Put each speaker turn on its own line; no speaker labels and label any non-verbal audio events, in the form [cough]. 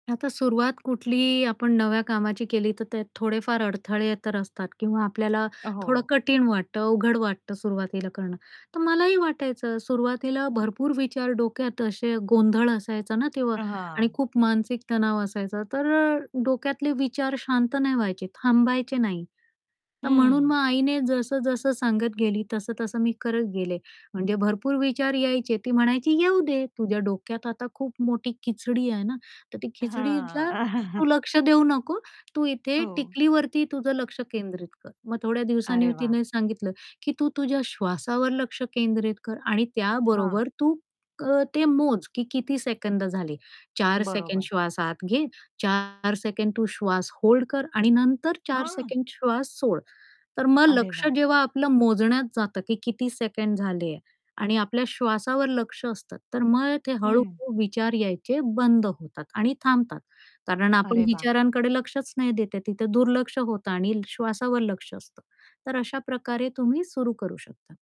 आता सुरुवात कुठलीही आपण नव्या कामाची केली तर ते थोडेफार अडथळे तर असतात किंवा आपल्याला थोडं
हो.
कठीण वाटतं, अवघड वाटतं सुरुवातीला करणं, तर मलाही वाटायचं सुरुवातीला भरपूर विचार डोक्यात असे गोंधळ असायचा ना, तेव्हा आणि
हां.
खूप मानसिक तणाव असायचा तर अ, डोक्यातले विचार शांत नाही व्हायचे, थांबायचे नाही. तर म्हणून
हं.
मग आईने जसं-जसं सांगत गेली, तसं-तसं मी करत गेले. म्हणजे भरपूर विचार यायचे ती म्हणायची, "येऊदे, तुझ्या डोक्यात आता खूप मोठी खिचडी आहे ना, तर ती
हां.
खिचडीला तू
[chuckles]
लक्ष देऊ नको, तू इथे
हो.
टिकलीवरती तुझं लक्ष केंद्रित कर." मग थोड्या दिवसांनी
अरे वाह!
तिने सांगितलं, की "तू तुझ्या श्वासावर लक्ष केंद्रित कर आणि
हां.
त्याबरोबर तू अ, ते मोज, की किती सेकंद झाली. 4 सेकंड
बरोबर.
श्वास आत घे, 4 सेकंड तू श्वास होल्ड कर आणि नंतर 4
हां.
सेकंड श्वास सोड." तर मग
अरे
लक्ष
वाह!
जेव्हा आपलं मोजण्यात जातं, की किती सेकंड झाले आणि आपल्या श्वासावर लक्ष असतं तर मग ते
हं.
हळू-हळू विचार यायचे बंद होतात आणि थांबतात, कारण आपण
अरे वाह!
विचारांकडे लक्षच नाही देत, तिथे दुर्लक्ष होत आणि श्वासावर लक्ष असतं. तर अशा प्रकारे तुम्ही सुरु करू शकता.